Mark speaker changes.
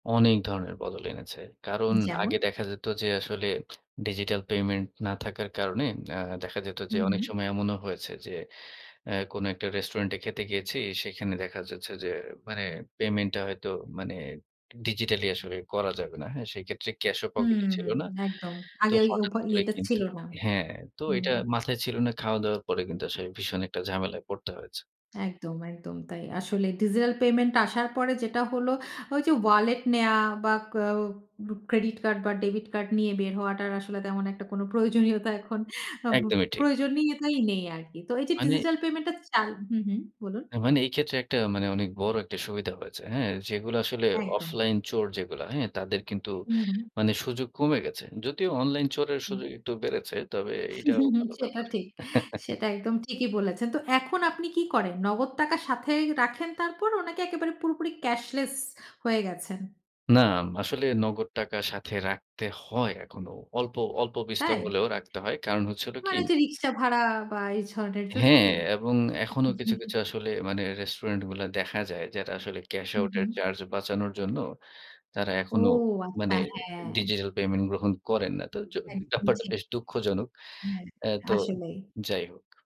Speaker 1: অনেক ধরনের বদল এনেছে। কারণ
Speaker 2: যেমন?
Speaker 1: আগে দেখা যেত যে আসলে ডিজিটাল পেমেন্ট না থাকার কারণে, আ দেখা যেত যে
Speaker 2: হুম,
Speaker 1: অনেক
Speaker 2: হুম।
Speaker 1: সময় এমনও হয়েছে, যে অ্যা কোন একটা রেস্টুরেন্টে খেতে গিয়েছি, সেখানে দেখা যাচ্ছে যে মানে পেমেন্টটা হয়তো মানে digitally আসলে করা যাবে না। হ্যাঁ, সেক্ষেত্রে ক্যাশ ও পকেটে
Speaker 2: হুম,
Speaker 1: ছিল না।
Speaker 2: একদম
Speaker 1: তো
Speaker 2: আগে ওই
Speaker 1: হঠাৎ
Speaker 2: ওভা
Speaker 1: করে
Speaker 2: ইয়েটা
Speaker 1: কিন্তু
Speaker 2: ছিল না।
Speaker 1: হ্যাঁ, তো
Speaker 2: হুম।
Speaker 1: এটা মাথায় ছিল না। খাওয়া-দাওয়ার পরে কিন্তু আসলে ভীষণ একটা ঝামেলায় পড়তে হয়েছে।
Speaker 2: একদম, একদম তাই। আসলে ডিজিটাল পেমেন্ট আসার পরে যেটা হলো, ওই যে ওয়ালেট নেওয়া, বা ক অ ক্রেডিট কার্ড বা ডেবিট কার্ড নিয়ে বের হওয়াটার আসলে তেমন একটা কোনো প্রয়োজনীয়তা এখন আ বু
Speaker 1: একদমই ঠিক।
Speaker 2: প্রয়োজনীয়তাই নেই আরকি। তো এই যে
Speaker 1: মানে
Speaker 2: ডিজিটাল পেমেন্টটা চালু হু, হু বলুন।
Speaker 1: তা মানে এই ক্ষেত্রে একটা মানে অনেক বড় একটা সুবিধা হয়েছে। হ্যাঁ, যেগুলা আসলে
Speaker 2: একদম।
Speaker 1: অফলাইন চোর যেগুলা হ্যাঁ, তাদের কিন্তু
Speaker 2: হুম, হুম।
Speaker 1: মানে সুযোগ কমে গেছে। যদিও অনলাইন চোরের
Speaker 2: হুম।
Speaker 1: সুযোগ একটু বেড়েছে, তবে এটাও ভালো
Speaker 2: সেটা
Speaker 1: ব্যাপার।
Speaker 2: ঠিক। সেটা একদম ঠিকই বলেছেন। তো এখন আপনি কি করেন? নগদ টাকা সাথে রাখেন তারপরও নাকি একেবারে পুরোপুরি cashless হয়ে গেছেন?
Speaker 1: নাম আসলে নগদ টাকা সাথে রাখতে হয় এখনো। অল্প অল্প বিস্তর
Speaker 2: তাই?
Speaker 1: হলেও রাখতে হয়। কারণ হচ্ছে হল কি
Speaker 2: মানে যে রিকশা ভাড়া বা এই ধরনের জন্য
Speaker 1: হ্যাঁ,
Speaker 2: কি?
Speaker 1: এবং এখনো কিছু, কিছু আসলে মানে রেস্টুরেন্ট গুলা দেখা যায়, যেটা আসলে ক্যাশ
Speaker 2: হুম,
Speaker 1: আউট এর
Speaker 2: হুম।
Speaker 1: চার্জ বাঁচানোর জন্য, তারা
Speaker 2: ও
Speaker 1: এখনো মানে
Speaker 2: আচ্ছা, হ্যাঁ।
Speaker 1: ডিজিটাল পেমেন্ট গ্রহণ করেন না। তো জ
Speaker 2: একদম,
Speaker 1: ব্যাপার
Speaker 2: ঠিক।
Speaker 1: বেশ দুঃখজনক।
Speaker 2: হ্যাঁ।
Speaker 1: অ্যা তো
Speaker 2: আসলেই।
Speaker 1: যাই হোক।